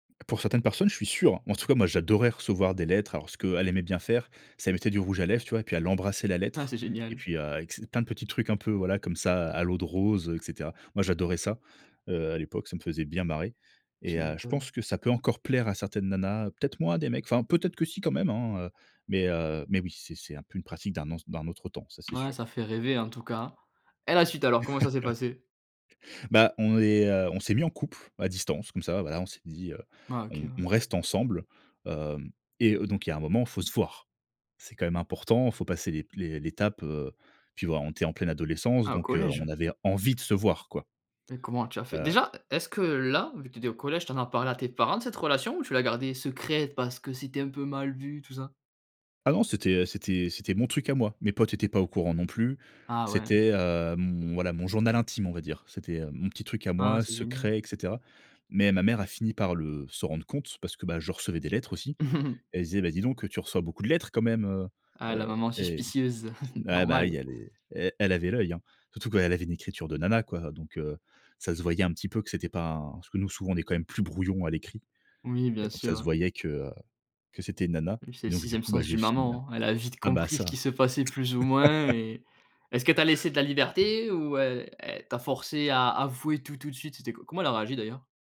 Pour certaines personnes, je suis sûr! En tout cas moi j'adorais recevoir des lettres. Alors ce qu'elle aimait bien faire c'est elle mettait du rouge à lèvres, tu vois, et puis elle embrassait la Ah lettre. c'est Et génial. puis, heu, avec ses plein de petits trucs un peu voilà comme ça à l'eau de rose, heu, et cetera. Moi j'adorais ça. Heu, à l'époque ça me faisait bien marrer et Tu heu, je pense m'étonnes. que ça peut encore plaire à certaines nanas. Peut être moins à des mecs enfin, peut être que si quand même hein, heu, mais, heu mais oui c'est c'est un peu une pratique d'un anc d'un autre temps, ça c'est Ouais sûr. ça fait rêver en tout cas. Et la suite alors comment ça s'est passé? Bah on est, heu, on s'est mis en couple à distance comme ça, voilà on s'est dit, heu, Ah OK, ouais. on on reste ensemble, hem, et heu, donc il y a un moment faut se voir! C'est quand même important, il faut passer l'ép l'é l'étape, heu, puis voilà on était en pleine adolescence Ah, au donc, heu, on collège? avait envie de se voir quoi. Mais comment tu as fait? Heu Déjà, est-ce que, là, vu que tu étais au collège, tu en as parlé à tes parents de cette relation ou tu l'as gardée secrète parce que c'était un peu mal vu, tout ça? Ah non, c'était, heu, c'était c'était mon truc à moi. Mes potes étaient pas au courant non plus. Ah ouais. C'était, hem, voilà mon journal intime on va dire. C'était, heu, mon petit truc à Ah, moi c'est génial. secret, et cetera. Mais ma mère a fini par le se rendre compte parce que, bah, je recevais des lettres aussi. Et elle se disait: «Ben dis donc, heu, tu reçois beaucoup de lettres quand même, Ah la heu-heu» maman et suspicieuse, ah, bah, oui normal. elle est e-elle avait l'œil hein, surtout qu'elle avait une écriture de nana quoi donc, heu, ça se voyait un petit peu que c'était pas un parce que nous souvent on est quand même plus brouillon à l'écrit Oui, et bien donc ça sûr se hein. voyait que, heu, que c'était une nana. Oui c'est Et le donc du 6e coup bah sens j'ai d'une fini a maman, elle a vite ah bah compris ce qui ça. se passait plus ou moins et est-ce qu'elle t'a laissé de la liberté ou e elle t'a forcé à avouer tout, tout de suite? C'était co comment elle a réagi d'ailleurs?